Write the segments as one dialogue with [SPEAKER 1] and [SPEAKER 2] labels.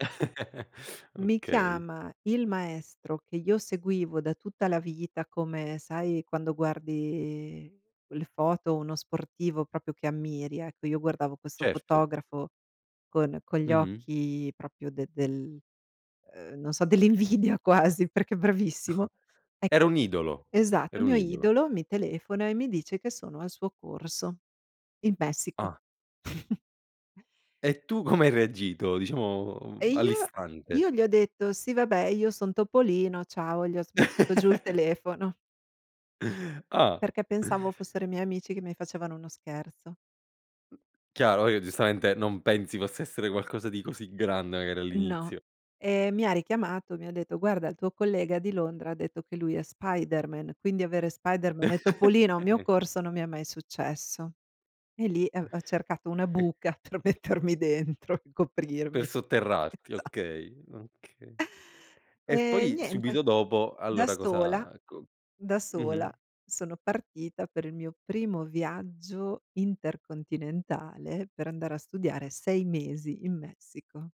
[SPEAKER 1] Mi
[SPEAKER 2] Okay.
[SPEAKER 1] chiama il maestro, che io seguivo da tutta la vita, come sai, quando guardi quelle foto o uno sportivo, proprio che ammiri. Ecco, io guardavo questo
[SPEAKER 2] Certo.
[SPEAKER 1] fotografo, con con gli
[SPEAKER 2] Mh-mh.
[SPEAKER 1] occhi proprio de de del uhm, non so, dell'invidia quasi, perché è
[SPEAKER 2] Oh,
[SPEAKER 1] bravissimo.
[SPEAKER 2] era
[SPEAKER 1] Ecco,
[SPEAKER 2] un idolo,
[SPEAKER 1] esatto,
[SPEAKER 2] era
[SPEAKER 1] il
[SPEAKER 2] un
[SPEAKER 1] mio
[SPEAKER 2] idolo.
[SPEAKER 1] idolo mi telefona e mi dice, che sono al suo corso in Messico.
[SPEAKER 2] Ah. E tu come hai reagito? Diciamo, uhm,
[SPEAKER 1] E io
[SPEAKER 2] all'istante.
[SPEAKER 1] io gli ho detto: "Sì, vabbè, io son Topolino, ciao" e gli ho sbattuto giù il telefono.
[SPEAKER 2] Ah.
[SPEAKER 1] Perché pensavo fossero i miei amici, che mi facevano uno scherzo.
[SPEAKER 2] Chiaro, uhm, giustamente, non pensi possa essere qualcosa di così grande, magari,
[SPEAKER 1] No,
[SPEAKER 2] all'inizio.
[SPEAKER 1] e mi ha richiamato. Mi ha detto: "Guarda, il tuo collega di Londra, ha detto che lui è Spiderman, quindi avere Spiderman e Topolino a un mio corso, non mi è mai successo". E lì, ehm, v ho cercato una
[SPEAKER 2] E
[SPEAKER 1] buca, per mettermi dentro e coprirmi.
[SPEAKER 2] Per sotterrarti,
[SPEAKER 1] Esa
[SPEAKER 2] okay, okay. E
[SPEAKER 1] E
[SPEAKER 2] poi
[SPEAKER 1] niente,
[SPEAKER 2] subito dopo,
[SPEAKER 1] da
[SPEAKER 2] allora,
[SPEAKER 1] sola,
[SPEAKER 2] cosa co
[SPEAKER 1] da
[SPEAKER 2] mh-mh.
[SPEAKER 1] sola, sono partita per il mio primo viaggio intercontinentale, per andare a studiare 6 mesi in Messico.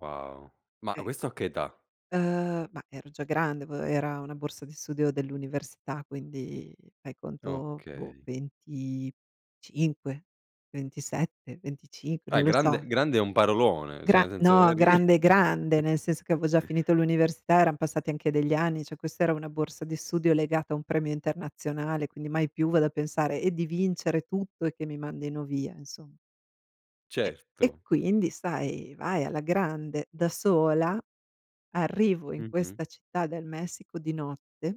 [SPEAKER 2] Wow! Ma
[SPEAKER 1] Sì.
[SPEAKER 2] questo a che età?
[SPEAKER 1] Uhm, ma ero già grande, v era una borsa di studio dell'università, quindi, fai conto, boh,
[SPEAKER 2] Okay.
[SPEAKER 1] 25, 27, 25,
[SPEAKER 2] Ah,
[SPEAKER 1] non lo so.
[SPEAKER 2] grande grande è un parolone, cioè
[SPEAKER 1] Gra
[SPEAKER 2] nel senso
[SPEAKER 1] no,
[SPEAKER 2] eri
[SPEAKER 1] grande, grande, nel senso, che avevo già finito l'università, eran passati anche degli anni. Cioè, questa era una borsa di studio, legata a un premio internazionale, quindi mai più vado a pensare e di vincere tutto e che mi mandino via, insom E e
[SPEAKER 2] Certo.
[SPEAKER 1] quindi sai, vai, alla grande. Da sola, arrivo in
[SPEAKER 2] Mh-mh.
[SPEAKER 1] questa città del Messico, di notte.